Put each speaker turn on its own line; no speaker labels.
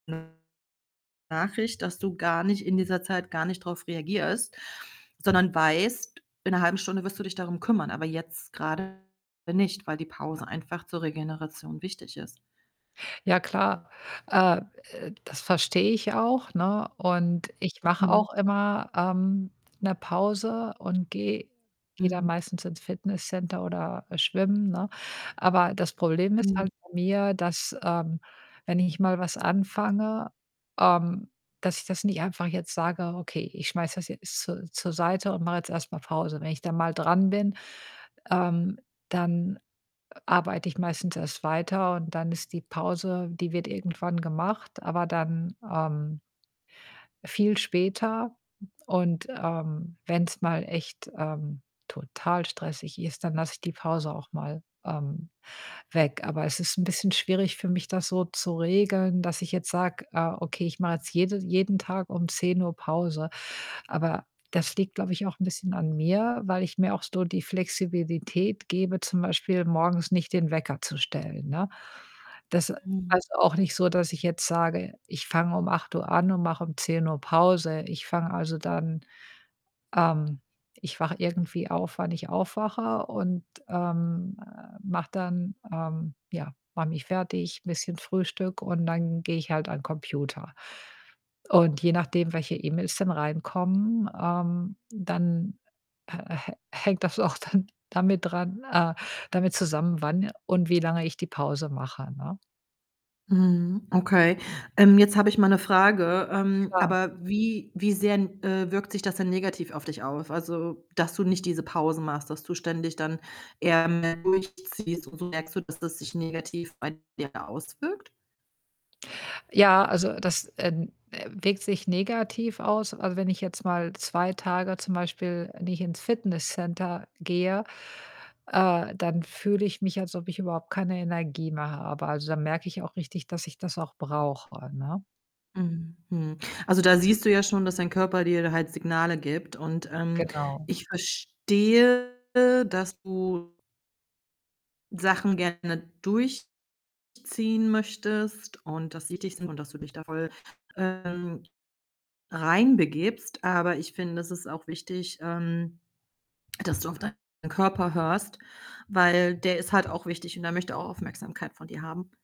[unintelligible] Nachricht, dass du gar nicht in dieser Zeit gar nicht drauf reagierst, sondern weißt, in ‘ner 0,5 Stunde wirst du dich darum kümmern, aber jetzt grade nicht, weil die Pause einfach zur Regeneration wichtig ist.
Ja klar, äh, äh, das verstehe ich auch, ne, und ich mache
Mhm.
auch immer, ähm, ‘ne Pause und gehe gehe dann
Mhm.
meistens ins Fitnesscenter oder schwimmen, ne, aber das Problem ist
Mhm.
halt bei mir, dass, ähm, wenn ich mal was anfange, ähm, dass ich das nicht einfach jetzt sage: „Okay, ich schmeiße das jetzt zur zur Seite und mache jetzt erst mal Pause.“ Wenn ich da mal dran bin, ähm, dann arbeite ich meistens erst weiter und dann ist die Pause die wird irgendwann gemacht, aber dann, ähm viel später. Und, ähm, wenn‘s mal echt, ähm, total stressig ist, dann lasse ich die Pause auch mal, ähm, weg. Aber es ist ‘n bisschen schwierig für mich, das so zu regeln, dass ich jetzt sage: „Äh, okay, ich mache jetzt jede jeden Tag um 10:00 Pause.“ Aber das liegt, glaube ich, auch ‘n bisschen an mir, weil ich mir auch so die Flexibilität gebe, zum Beispiel morgens nicht den Wecker zu stellen, ne? Das
Mhm.
heißt auch nicht so, dass ich jetzt sage: „Ich fange um 8:00 an und mache um 10:00 Pause.“ Ich fange, also, dann, ähm ich wache irgendwie auf, wann ich aufwache und, ähm, äh, mache dann, ähm ja, mache mich fertig, ‘n bisschen Frühstück und dann gehe ich halt an Computer. Und je nachdem, welche E-Mails dann reinkommen, ähm, dann hä hä hängt das auch dann damit dran, äh damit zusammen, wann und wie lange ich die Pause mache, ne?
Mhm, okay. Ähm, jetzt habe ich mal ‘ne Frage. Ähm,
Klar.
aber wie wie sehr, äh, wirkt sich das denn negativ auf dich aus? Also, dass du nicht diese Pausen machst, dass du ständig dann eher mehr durchziehst und so merkst so, dass das sich negativ bei dir auswirkt?
Ja, also, das, äh, äh, wirkt sich negativ aus. Also, wenn ich jetzt mal 2 Tage zum Beispiel nicht ins Fitnesscenter gehe, äh, dann fühle ich mich, als ob ich überhaupt keine Energie mehr habe. Also, da merke ich auch richtig, dass ich das auch brauche, ne?
Mhm, mhm. Also, da siehst du ja schon, dass dein Körper dir halt Signale gibt und, ähm,
Genau.
ich verstehe, dass du Sachen gerne durchziehen möchtest und dass sie dich und dass du dich da voll, ähm, reinbegibst, aber ich finde, das ist auch wichtig, ähm, dass du auf deinen Körper hörst, weil der ist halt auch wichtig und der möchte auch Aufmerksamkeit von dir haben.